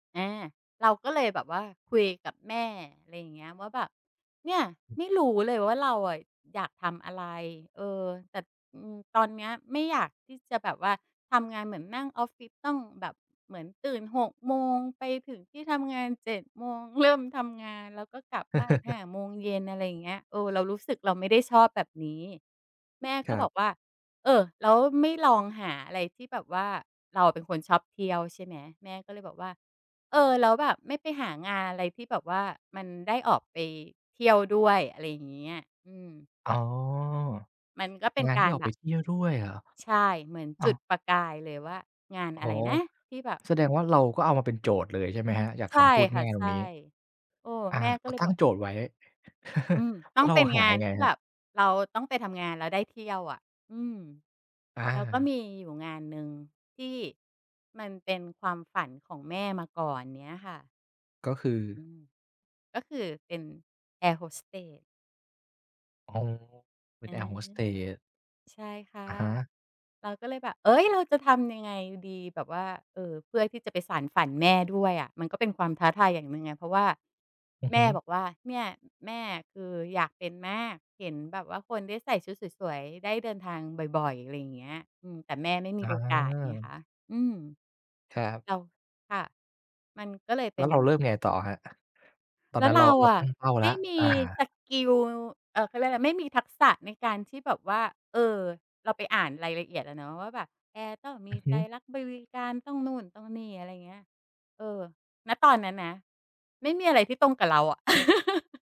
อา เราก็เลยแบบว่าคุยกับแม่ อะไรอย่างเงี้ย ว่าแบบ "เนี่ย ไม่รู้เลยว่าเราอะอยากทำอะไร เออ แต่ อือ ตอนเนี้ยไม่อยากที่จะแบบว่าทำงานเหมือนนั่งออฟฟิศ ต้องแบบเหมือนตื่น 6 โมงไปถึงที่ทำงาน 7 โมงเริ่มทำงาน แล้วก็กลับบ้าน 5 โมงเย็น" อะไรอย่างเงี้ย เออ เรารู้สึกเราไม่ได้ชอบแบบนี้ แม่คก็รับบ อกว่า "เออ แล้วไม่ลองหาอะไรที่แบบว่า" เราเป็นคนชอบเที่ยวใช่ไหม แม่ก็เลยบอกว่า "เออ แล้วแบบไม่ไปหางานอะไรที่แบบว่ามันได้ออกไปเที่ยวด้วย" อะไรอย่างเงี้ย อืม อ๋อ มัน ก็เป็นงานกทีา่รออกแบไปบ เที่ยวด้วยเหรอ ใช่ เหมือนอจุา ดประกายเลยว่างานอ๋อ อะไรนะที่แบบ แสดงว่าเราก็เอามาเป็นโจทย์เลยใช่ไหม ครับ? จากใชค่ำพูดคแ่มะ ่ตใชรง่ นี้ เออ อา แม่ก็กเ็ลยตั้บงอก โจทย์ไว้ อืม แตล้้อวงเรเาป็นหางายนังไงที่ครแับบ? บเราต้องไปทำงาน แล้วได้เที่ยวอะ อืม อแล้วก็มา ีอยู่งานหนึ่งที่มันเป็นความฝันของแม่มาก่อนเนี้ยค่ะ ก็คือ อืม ก็คือเป็นแอร์โฮสเตส อ๋อ เป็อนืแอร์โฮม สเตส ใช่ค่ะ อะฮะ เราก็เลยแบบ "เอ๊ย เราจะทำยังไงดี" แบบว่า เอ่อ เพื่อที่จะไปสานฝันแม่ด้วยอะ มันก็เป็นความท้าทายอย่างหนึ่งไง เพราะว่าอือแมฮ่ึ บอกว่า "เนี่ย แม่คืออยากเป็นมาก เห็นแบบว่าคนได้ใส่ชุดสวย ๆ ได้เดินทางบ่อย ๆ" อะไรอย่างเงี้ย อืม แต่แม่ไม่มี อโอกาสไงคา ะ อืม ครับ เรา ค่ะ มันก็เลยเแปล้็วน เราเริ่มไงต่ออะครับ? ตอนแล้นัว้นเเรรา าเราอตะั้งเป้าแไลม้ว ่มีอา สกิล เอ่อ เขาเรียกว่าอะไร ไม่มีทักษะในการที่แบบว่า เออ เราไปอ่านรายละเอียดอะเนาะว่าแบบ "แอร์ต้องมอืีอฮใจึ รักบริกา รต้องนู่น ต้องนี่" อะไรอย่างเงี้ย เออ ณ ตอนนั้นนะ ไม่มีอะไรที่ตรงกับเราอะ